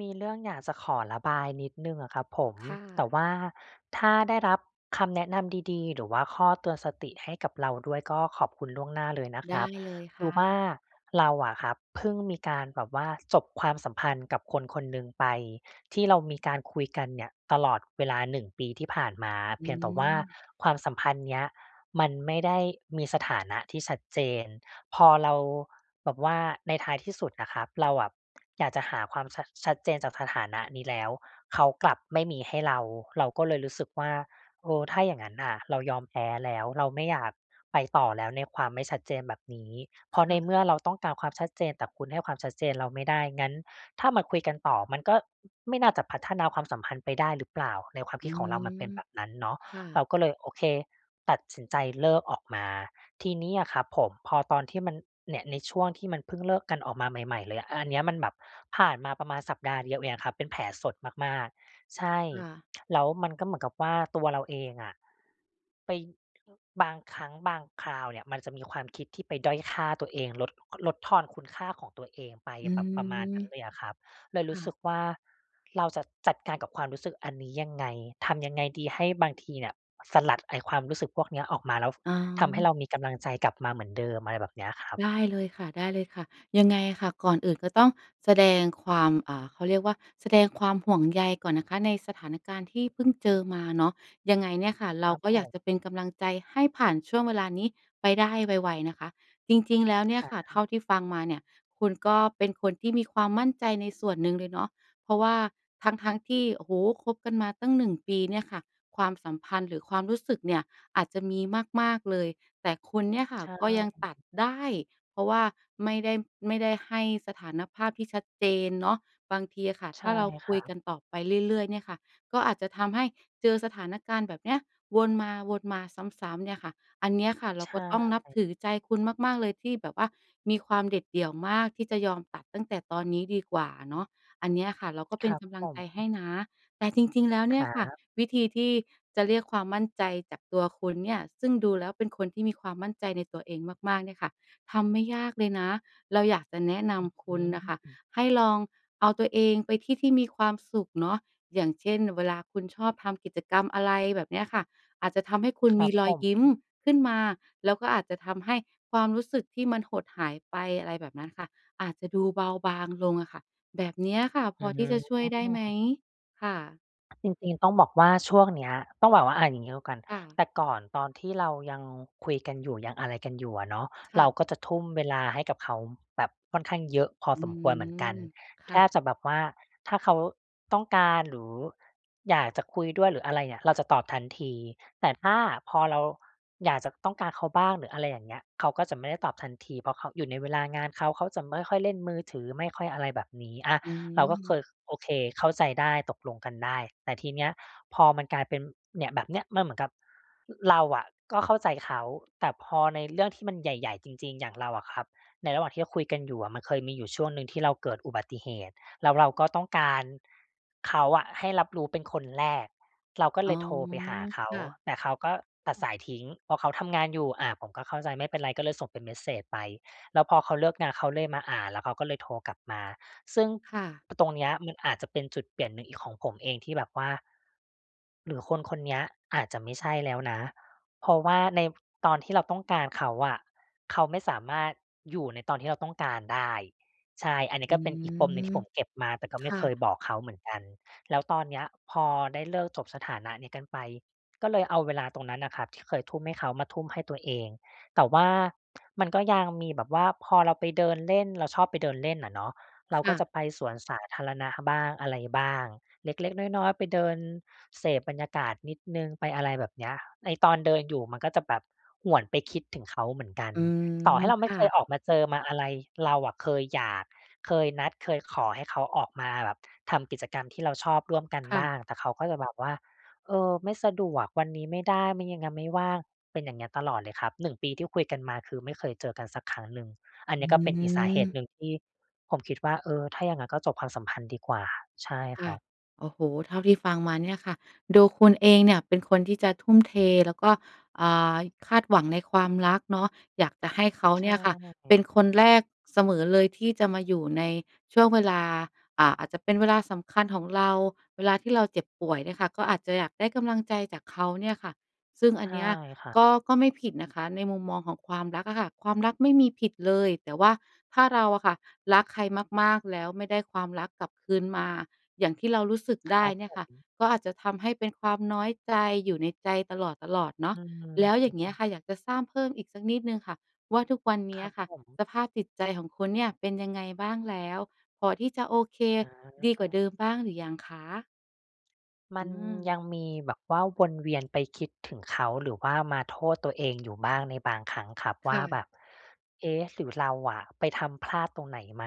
มีเรื่องอยากจะขอระบายนิดหนึ่งอะครับผม ค่ะ แต่ว่าถ้าได้รับคำแนะนำดี ๆ หรือว่าข้อเตือนสติให้กับเราด้วยก็ขอบคุณล่วงหน้าเลยนะไคดร้ับ เลยคคื่อว่ะ าเราอะครับเพิ่งมีการแบบว่าจบความสัมพันธ์กับคน ๆ หนึ่งไป ที่เรามีการคุยกันเนี่ยตลอดเวลา 1 ปีที่ผ่านมา อเืพียงแต่ว่าม ความสัมพันธ์เนี้ยมันไม่ได้มีสถานะที่ชัดเจน พอเราแบบว่า ในท้ายที่สุดน่ะครับ เราอะอยากจะหาความชัด ชัดเจนจากสถานะนี้แล้ว เขากลับไม่มีให้เรา เราก็เลยรู้สึกว่า "เออ ถ้าอย่างงั้นน่ะ เรายอมแพ้แล้ว เราไม่อยากไปต่อแล้วในความไม่ชัดเจนแบบนี้ เพคราะใน่เะ มื่อเราต้องการความชัดเจน แต่คุณให้ความชัดเจนเราไม่ได้ งั้นถ้ามาคุยกันต่อ มันก็ไม่น่าจะพัฒนาความสัมพันธ์ไปได้หรือเปล่า?" ในความอคืิดของเรามันเป็นม แบบนั้นเนาะ ค่เระ าก็เลย โอเค ตัดสินใจเลิกออกมา ทีนี้อะครับผม พอตอนที่มัน เนี่ย ในช่วงที่มันเพิ่งเลิกกันออกมาใหม่ ๆ เลยอะ อ อันเนี้ยมันแบบผ่านมาประมาณสัปดาห์เดียวเองอะครับ เป็นแผลสดมาก ๆ ใช่ ค่ะ แล้วมันก็เหมือนกับว่าตัวเราเองอะ ไป บางครั้งบางคราวเนี่ยมันจะมีความคิดที่ไปด้อยค่าตัวเอง ลด ลดทอนคุณค่าของตัวเองไป อืแบบประมาณนม ั้นเลยอะครับ เลคยรู่้สึะ กว่า เราจะจัดการกับความรู้สึกอันนี้ยังไง ทำยังไงดี ให้บางทีเนี่ยสลัดไอ้ความรู้สึกพวกเนี้ยออกมาแล้วอ๋ทำให้เอ รามีกำลังใจกลับมาเหมือนเดิม อะไรแบบเนี้ยครับ ได้เลยค่ะ ๆ ยังไงค่ะ ก่อนอื่นก็ต้องแสดงความ อ่า เขาเรียกว่า แสดงความห่วงใยก่อนนะคะในสถานการณ์ที่อือเพิ่งฮเจึ อมาเนาะ ยังไงเนี่ยค่ะ เรคารับก็ผอยากม จะเป็นกำลังใจให้ผ่านช่วงเวลานี้ไปได้ไว ๆ นะคะ จริง ๆ แล้วเนี่คยรัค่ะ เทบ ่าที่ฟังมาเนี่ยคุณก็เป็นคนที่มีความมั่นใจในส่วนหนึ่งเลยเนาะ เพราะว่าทั้ง ๆ ที่ โอ้โฮ คบกันมาตั้ง 1 ปีเนี่ยค่ะ ความสัมพันธ์หรือความรู้สึกเนี่ยอาจจะมีมาก ๆ เลย แต่คุณเนี่ยค่ะใช่ ก็ยังตัดได้ เพราะว่าไม่ได้ ไม่ได้ให้สถานภาพที่ชัดเจนเนาะ บางทีอะค่ะใถช้่าเราคคุรัยกบ ันต่อไปเรื่อย ๆ เนี่ยค่ะ ก็อาจจะทำให้เจอสถานการณ์แบบเนี้ยวนมา ๆ ซ้ำ ๆ เนี่ยค่ะ อันเนี้ยค่ะเรใาชก็ต้องนับ่ ถือใจคุณมาก ๆ เลยที่แบบว่ามีความเด็ดเดี่ยวมากที่จะยอมตัดตั้งแต่ตอนนี้ดีกว่าอะเนาะ อันเนี้ยค่ะเราก็คเป็รนับกำลัผงใจให้ม นะ แต่ จริง ๆ แล้วเคนี่รยัค่ะ บ วิธีที่จะเรียกความมั่นใจจากตัวคุณเนี่ย ซึ่งดูแล้วเป็นคนที่มีความมั่นใจในตัวเองมาก ๆ เนี่ยค่ะ ทำไม่ยากเลยนะ เราอยากจะแนะนำคอืุณน่ะค่ะม ให้ลองเอาตัวเองไปที่ที่มีความสุขเนาะ อย่างเช่น เวลาคุณชอบทำกิจกรรม อะไรแบบเนี้ยค่ะ อาจจะทำให้คุณครมัีบรผอยยิ้มม ขึ้นมา แล้วก็อาจจะทำให้ความรู้สึกที่มันหดหายไป อะไรแบบนั้นค่ะ อาจจะดูเบาบางลงอะค่ะ แบบเนี้ยค่ะ พอือที่จะช่วยได้ไหม? ม ค่ะ จริง ๆ ต้องบอกว่า ช่วงเนี้ย ต้องบอกว่า อะ อย่างงี้แล้วกัน ค่ะ แต่ก่อนตอนที่เรายังคุยกันอยู่ ยังอะไรกันอยู่อะเนาะ ค่เราะ ก็จะทุ่มเวลาให้กับเขาแบบค่อนข้างเยอะพออืสมควรเหมือม นกัน คแท่ะ บจะแบบว่าถ้าเขาต้องการหรืออยากจะคุยด้วยหรืออะไรเงี่ย เราจะตอบทันที แต่ถ้าพอเราอยากจะ ต้องการเขาบ้างหรือ อะไรอย่างเงี้ย เขาก็จะไม่ได้ตอบทันที เพราะเขาอยู่ในเวลางานเขา เขาจะไม่ค่อยเล่นมือถือ ไม่ค่อยอะไรแบบนี้ อะ อืเราก็เคม ย โอเค เข้าใจได้ ตกลงกันได้ แต่ทีเนี้ย พอมันกลายเป็น เนี่ย แบบเนี้ย มันเหมือนกับ เราอะก็เข้าใจเขา แต่พอในเรื่องที่มันใหญ่ ๆ จริง ๆ อย่างเราอะครับ ในระหว่างที่เราคุยกันอยู่อะ มันเคยมีอยู่ช่วงหนึ่งที่เราเกิดอุบัติเหตุ แล้วเราก็ต้องการเขาอะ ให้รับรู้เป็นคนแรก เราก็เอล๋อ ยโทรไปหาเขา ค่ะ แต่เขาก็ตัดสายทิ้ง เพราะเขาทำงานอยู่ อะ ผมก็เข้าใจ ไม่เป็นไร ก็เลยส่งเป็นเมสเซจไป แล้วพอเขาเลิกงาน เขาเลยมาอ่าน แล้วเขาก็เลยโทรกลับมา ซึ่ง ค่ะ ป ตรงเนี้ย มันอาจจะเป็นจุดเปลี่ยนหนึ่งอีกของผมเองที่แบบว่า หรือคนคนเนี้ยอาจจะไม่ใช่แล้วนะ เพราะว่าในตอนที่เราต้องการเขาอะ เขาไม่สามารถอยู่ในตอนที่เราต้องการได้ ใช่ อันนี้อืก็เป็นอีกปมม หนึ่งที่ผมเก็บมา แต่ก็คไม่่เคะ ยบอกเขาเหมือนกัน แล้วตอนเนี้ย พอได้เลิก จบสถานะนี้กันไป ก็เลยเอาเวลาตรงนั้นน่ะครับที่เคยทุ่มให้เขา มาทุ่มให้ตัวเอง แต่ว่า มันก็ยังมีแบบว่าพอเราไปเดินเล่น เราชอบไปเดินเล่นน่ะเนาะ เรคาก็่ะ จะไปสวนสาธารณะบ้างอะไรบ้าง เล็ก ๆ น้อย ๆ ไปเดินเสพบรรยากาศนิดหนึ่ง ไปอะไรแบบเนี้ย ไอ้ตอนเดินอยู่มันก็จะแบบหวนไปคิดถึงเขาเหมือนกัน อืม ต่อให้เราคไม่่เคะ ยออกมาเจอมาอะไร เราอะเคยอยาก เคยนัด เคยขอให้เขาออกมาแบบทำกิจกรรมที่เราชอบร่วมกันค่บ้ะ าง แต่เขาก็จะแบบว่า "เออ ไม่สะดวก วันนี้ไม่ได้ ไม่ ง ยัง ไม่ว่าง" เป็นอย่างเงี้ยตลอดเลยครับ 1 ปีที่คุยกันมาคือไม่เคยเจอกันสักครั้งหนึ่ง อันอเนี้ยก็เป็นอีกสาเหตุหืม นึ่งที่ผมคิดว่า เออ ถ้าอย่างงั้นก็จบความสัมพันธ์ดีกว่า ใช่คค่ระ ับ โอ้โฮ เท่าที่ฟังมาเนี่ยค่ะ ดูคุณเองเนี่ยเป็นคนที่จะทุ่มเท แล้วก็ อ่า คาดหวังในความรักเนาะ อยากจะให้เขาใชเนี่ยค่ะเป็่ นคนแรกเสมอเลยที่จะมาอยู่ในช่วงเวลา อ่า อาจจะเป็นเวลาสำคัญของเรา เวลาที่เราเจ็บป่วยเนี่ยค่ะ ก็อาจจะอยากได้กำลังใจจากเขาเนี่ยค่ะ ซึ่งอใชัน่เนี้ยครับ ก็ ก็ไม่ผิดนะคะ ในมุมมองของความรักอะค่ะ ความรักไม่มีผิดเลย แต่ว่าถ้าเราอะค่ะรักใครมาก ๆ แล้วไม่ได้ความรักกลับคืนมา อย่างที่เรารู้สึกคไดร้ับเนี่ผยค่ะ ม ก็อาจจะทำให้เป็นความน้อยใจอยู่ในใจตลอด ๆ เนาอืะ แล้วอย่างเงี้ยม ค่ะ อยากจะทราบเพิ่มอีกสักนิดหนึ่งค่ะว่า ทุกวันนคี้รัอบะค่ผะม สภาพจิตใจของคุณเนี่ย เป็นยังไงบ้างแล้ว? พอที่จะโอเค อ๋ดีกว่อ าเดิมบ้างหรือยังคะ? มอัืนยม ังมีแบบว่าวนเวียนไปคิดถึงเขา หรือว่ามาโทษตัวเองอยู่บ้างในบางครั้งครับคว่่า แะ บบ "เอ๊ะ หรือเราอะไปทำพลาดตรงไหนไหม?"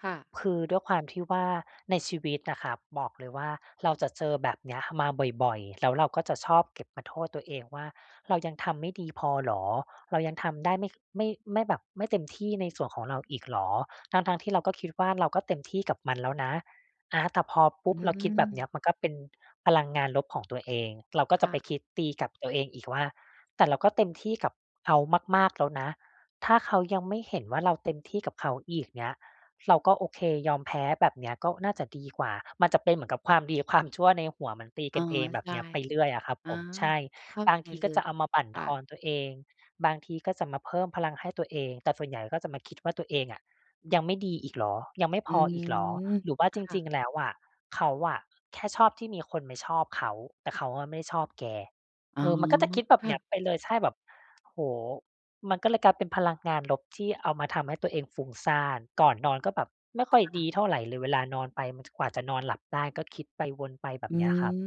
ค่ะ คือด้วยความที่ว่า ในชีวิตน่ะครับ บอกเลยว่า เราจะเจอแบบเนี้ยมาบ่อย ๆ แล้วเราก็จะชอบเก็บมาโทษตัวเองว่า "เรายังทำไม่ดีพอเหรอ? เรายังทำได้ไม่ ไม่ ไม่แบบไม่เต็มที่ในส่วนของเราอีกเหรอ?" ทั้ง ๆ ที่เราก็คิดว่า เราก็เต็มที่กับมันแล้วนะ อะ แต่พอปอุื๊บ เราคิดแบบเนี้ม ยมันก็เป็นพลังงานลบของตัวเอง เราก็คจ่ะไปะ คิดตีกับตัวเองอีกว่า "แต่เราก็เต็มที่กับเขามาก ๆ แล้วนะ ถ้าเขายังไม่เห็นว่าเราเต็มที่กับเขาอีก เงี้ย เราก็ โอเค ยอมแพ้ แบบเนี้ยก็น่าจะดีกว่า" มันจะเป็นเหมือนกับความดีความชั่วในหัวมันตีอก๋อ ันเอง แบใชบเ่ นี้ย ไปเรื่อยอะครับอา ผม ใช่ เข้าบาใจงทีเลก็ย จะเอามาบั่นค่ทอะ นตัวเอง บางทีก็จะมาเพิ่มพลังให้ตัวเอง แต่ส่วนใหญ่เราก็จะมาคิดว่า ตัวเองอะ ยังไม่ดีอีกเหรอ ยังไม่อพืออีกเหรอ ม หรือว่าคจ่ะ ริง ๆ แล้วอะ เขาอะแค่ชอบที่มีคนไปชอบเขา แต่เขาอะไม่ชอบแก อ๋เอ ออ มันก็จะคิดแบคบ่เนีะ ้ยไปเลย ใช่ แบบ โอ้โฮ มันก็เลยกลายเป็นพลังงานลบที่เอามาทำให้ตัวเองฟุ้งซ่าน ก่อนนอนก็แบบไม่คค่อย่ดีะ เท่าไรเลย เวลานอนไป มัน จ กว่าจะนอนหลับได้ ก็คิดไปวนไป แบอบืเนี้ยครับ ม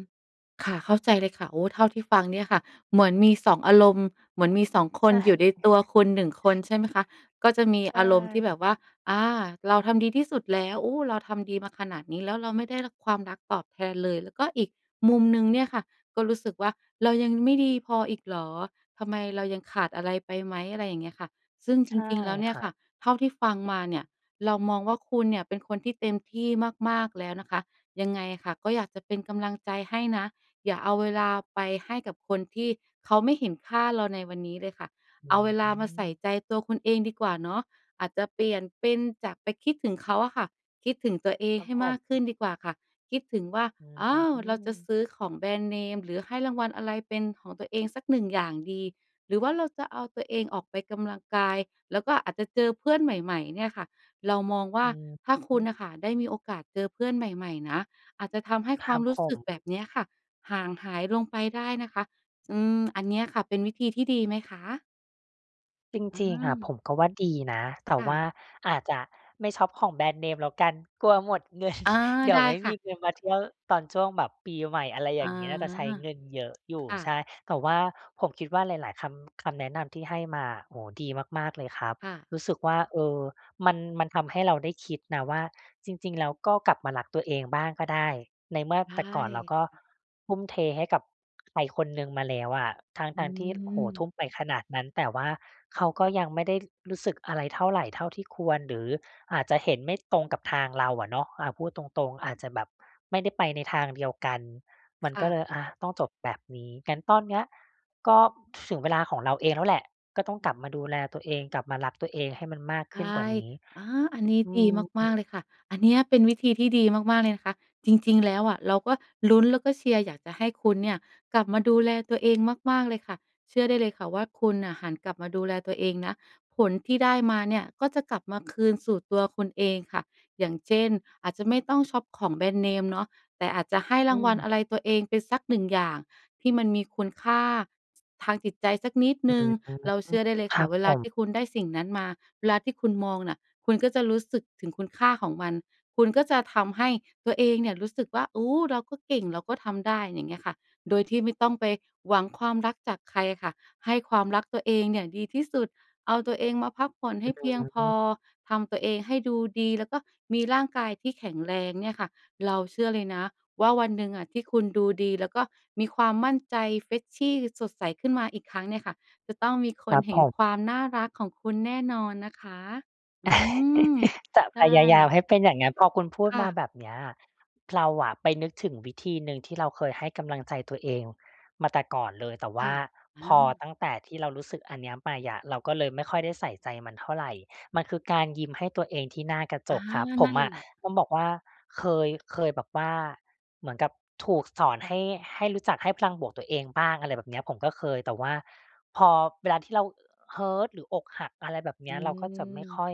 ค่ะ เข้าใจเลยค่ะ โอ้ เท่าที่ฟังเนี่ยค่ะ เหมือนมี 2 อารมณ์ เหมือนมี 2 คใชน่ อยู่ในตัวคุณ 1 คน ใช่ไหมคะ? ก็จะมีใชอารมณ์ที่แบ่ บว่า "อา เราทำดีที่สุดแล้ว โอ้ เราทำดีมาขนาดนี้แล้ว เราไม่ได้รับ ความรักตอบแทนเลย" แล้วก็อีกมุมหนึ่งเนี่ยค่ะก็รู้สึกว่า "เรายังไม่ดีพออีกเหรอ? ทำไม เรายังขาดอะไรไปไหม?" อะไรอย่างเงี้ยค่ะ ซึ่งจใช่ริง ๆ แล้วเนคี่ยรัค่ะ บ เท่าที่ฟังมาเนี่ย เรามองว่า คุณเนี่ยเป็นคนที่เต็มที่มาก ๆ แล้วนะคะ ยังไงค่ะก็อยากจะเป็นกำลังใจให้นะ อย่าเอาเวลาไปให้กับคนที่เขาไม่เห็นค่าเราในวันนี้เลยค่ะ อืเอาเวลามาใส่ม ใจตัวคุณเองดีกว่าเนาะ อาจจะเปลี่ยนเป็นจากไปคิดถึงเขาอะค่ะ คิดถึงตัวเองครัใบห้ผมากขึ้ม นดีกว่าค่ะ คิดถึงว่า อื"อ้าว เราจะอ ซื้อของแบรนด์เนม หรือให้รางวัลอะไรเป็นของตัวเองสัก 1 อย่างดี" หรือว่าเราจะเอาตัวเองออกไปกำลังกาย แล้วก็อาจจะเจอเพื่อนใหม่ ๆ เนี่ยค่ะ เรามองว่า อืถ้าคุณน่ะม ค่ะได้มีโอกาสเจอเพื่อนใหม่ ๆ นะ อาจจะทำให้คควราัมบรูผ้สึกแบม บเนี้ยค่ะ ห่างหายลงไปได้นะคะ อืม อันเนี้ยค่ะเป็นวิธีที่ดีไหมคะ? จอืริง ๆ อะ ผม มก็ว่าดีนะ แต่ค่ว่ะ าอาจจะไม่ช็อปของแบรนด์เนมแล้วกันกลัวหมด เงิน อา เดี๋ไดยว้ไม่คม่ะ ีเงินมาเที่ยวตอนช่วงแบบปีใหม่ อะไรออยา ่างงี้ น่าจะใช้เงินเยอะอยคู่ ่ใชะ ่ แต่ว่าผมคิดว่าหลาย ๆ คำ คำแนะนำที่ให้มา โอ้โฮ ดีมาก ๆ เลยครับ ค่ะ รู้สึกว่า เออ มัน มันทำให้เราได้คิดนะว่า จริง ๆ แล้วก็กลับมารักตัวเองบ้างก็ได้ ในเมื่อใชแต่ก่อนเรา่ ก็ทุ่มเทให้กับใครคนหนึ่งมาแล้วอะ ทอืั้ง ๆ ที่ โอ้โฮ ทุม ่มไปขนาดนั้น แต่ว่าเขาก็ยังไม่ได้รู้สึกอะไรเท่าไร เท่าที่ควร หรืออาจจะเห็นไม่ตรงกับทางเราอะเนาะ อา พูดตรง ๆ อาจจะแบบไม่ได้ไปในทางเดียวกัน มันค่ก็ะ เลย อา ต้องจบแบบนี้ งั้นตอนเนี้ยก็ถึงเวลาของเราเองแล้วแหละ ก็ต้องกลับมาดูแลตัวเอง กลับมารักตัวเองให้มันมากใชขึ้นกว่่ านี้ อา อันนี้อืดีมาก ม ๆ เลยค่ะ อันเนี้ยเป็นวิธีที่ดีมาก ๆ เลยนะคะ จริง ๆ แล้วอะ เราก็ลุ้นแล้วก็เชียร์อยากจะให้คุณเนี่ยกลับมาดูแลตัวเองมาก ๆ เลยค่ะ เชื่อได้เลยค่ะว่า คุณน่ะหันกลับมาดูแลตัวเองนะ ผลที่ได้มาเนี่ยก็จะกลับมาคืนสู่ตัวคุณเองค่ะ อย่างเช่น อาจจะไม่ต้องช็อปของแบรนด์เนมเนาะ แต่อาจจะให้อรืางวัลม อะไรตัวเองไปสัก 1 อย่าง ที่มันมีคุณค่าทางจิตใจสักนิดหอืนึ่ง ม เราเชื่อได้เลยคขรัอบเวผลาทม ี่คุณได้สิ่งนั้นมา เวลาที่คุณมองน่ะ คุณก็จะรู้สึกถึงคุณค่าของมัน คุณก็จะทำให้ตัวเองเนี่ยรู้สึกว่า โอ้ เราก็เก่ง เราก็ทำได้ อย่างเงี้ยค่ะ โดยที่ไม่ต้องไปหวังความรักจากใครอะค่ะ ให้ความรักตัวเองเนี่ยดีที่สุด เอาตัวเองมาพักผ่อนใหอ้เพียงพอ ืม ทำตัวเองให้ดูดี แล้วก็มีร่างกายที่แข็งแรงเนี่ยค่ะ เราเชื่อเลยนะว่าวันหนึ่งอะที่คุณดูดี แล้วก็มีความมั่นใจ Freshy สดใสขึ้นมาอีกครั้งเนี่ยค่ะ จะต้องมีคคนรับเห็ผนม ความน่ารักของคุณแน่นอนนะคะ อืม จะใชพ่ ยายามให้เป็นอย่างงั้น พอคุณพูคด่มาะ แบบเนี้ย เราอะไปนึกถึงวิธีหนึ่งที่เราเคยให้กำลังใจตัวเองมาแต่ก่อนเลย แต่วค่่ะ าอพอา ตั้งแต่ที่เรารู้สึกอันเนี้ยไปอะ เราก็เลยไม่ค่อยได้ใส่ใจมันเท่าไร มันคือการยิ้มให้ตัวเองที่หน้ากระจอา กครับ ผนัม่นอะแหละ ต้องบอกว่าเคย เคยแบบว่าเหมือนกับถูกสอนให้ ให้รู้จักให้พลังบวกตัวเองบ้าง อะไรแบบเนี้ย ผมก็เคย แต่ว่าพอเวลาที่เรา Hurt หรืออกหัก อะไรแบบเนอีื้ย เราก็จะไม่คม ่อย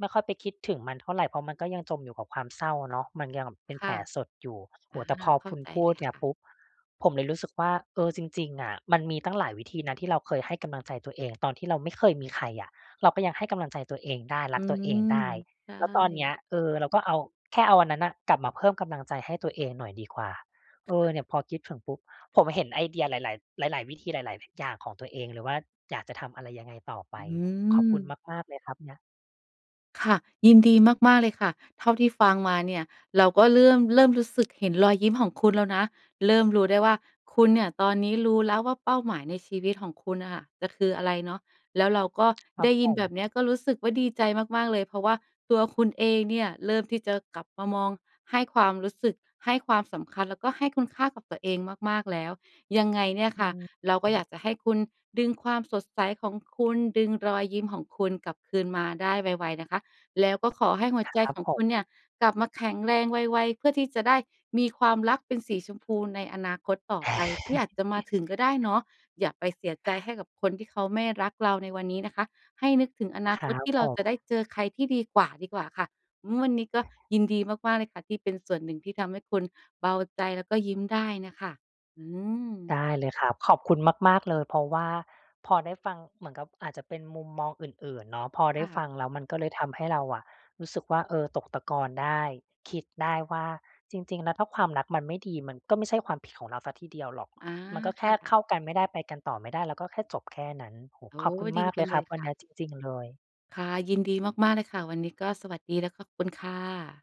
ไม่ค่อยไปคิดถึงมันเท่าไร เพราะมันก็ยังจมอยู่กับความเศร้าเนาะ มันยังเป็นคแผ่ละ สดอยู่ โออา ้โฮ แต่พอเข้คาุณใจพูเลดยเนี่คย่ะ ปุ๊บ ผมเลยรู้สึกว่า เออ จริง ๆ อะ มันมีตั้งหลายวิธีนะที่เราเคยให้กำลังใจตัวเองตอนที่เราไม่เคยมีใครอะ เราก็ยังให้กำลังใจตัวเองได้ อรืักตัวม เองได้ ใชแล้วตอนเนี่ ้ย เออ เราก็เอา แค่เอาอันนั้นน่ะกลับมาเพิ่มกำลังใจให้ตัวเองหน่อยดีกว่า คเ่ออ เนะ ี่ยพอคิดถึงปุ๊บ ผมเห็นไอเดียหลาย ๆ หลาย ๆ วิธีหลาย ๆ อย่างของตัวเองเลยว่า อยากจะทำอะไรยังไงต่อไอป ืขอบคุณม มาก ๆ เลยครับเงี้ย ค่ะ ยินดีมาก ๆ เลยค่ะ เท่าที่ฟังมาเนี่ยเราก็เลื่อม เริ่มรู้สึกเห็นรอยยิ้มของคุณแล้วนะ เริ่มรู้ได้ว่าคุณเนี่ยตอนนี้รู้แล้วว่าเป้าหมายในชีวิตของคุณน่ะค่ะ จะคืออะไรเนาะ แล้วเราก็ครไัดบ้ยผินแบบเนี้ยม ก็รู้สึกว่าดีใจมาก ๆ เลย เพราะว่าตัวคุณเองเนี่ยเริ่มที่จะกลับมามองให้ความรู้สึก ให้ความสำคัญ แล้วก็ให้คุณค่ากับตัวเองมาก ๆ แล้ว ยังไงเนี่ยอืค่ะ เราก็อยม ากจะให้คุณดึงความสดใสของคุณ ดึงรอยยิ้มของคุณ กลับคืนมาได้ไว ๆ นะคะ แล้วก็ขอให้หัวใจครับของผคุณเนม ี่ย กลับมาแข็งแรงไว ๆ เพื่อที่จะได้มีความรักเป็นสีชมพูในอนาคตต่อไปที่อาจจะมาถึงก็ได้เนาะ อย่าไปเสียใจให้กับคนที่เขาไม่รักเราในวันนี้นะคะ ให้นึกถึงอนคารคัตบที่เผราจะม ได้เจอใครที่ดีกว่า ดีกว่าค่ะ อือ วันนี้ก็ยินดีมาก ๆ เลยค่ะ ที่เป็นส่วนหนึ่งที่ทำให้คุณเบาใจ แล้วก็ยิ้มได้น่ะค่ะ อืม ได้เลยครับ ขอบคุณมาก ๆ เลย เพราะว่าพอได้ฟังเหมือนกับอาจจะเป็นมุมมองอื่น ๆ เนาะ พอไคด่้ะ ฟังแล้วมันก็เลยทำให้เราอะรู้สึกว่า เออ ตกตะกอนได้ คิดได้ว่าจริง ๆ แล้วถ้าความรักมันไม่ดี มันก็ไม่ใช่ความผิดของเราสักทีเดียวหรอก อา มันก็แคค่่ะ เข้ากันไม่ได้ ไปกันต่อไม่ได้ ก็แค่จบแค่นั้น โอ้โฮ โอ้ ขอบคุณดีมากจเลังยเลครัยบวคัน่เนะ ี้ยจริง ๆ เลย ค่ะ ยินดีมาก ๆ เลยค่ะ วันนี้ก็สวัสดีและขอบคุณค่ะ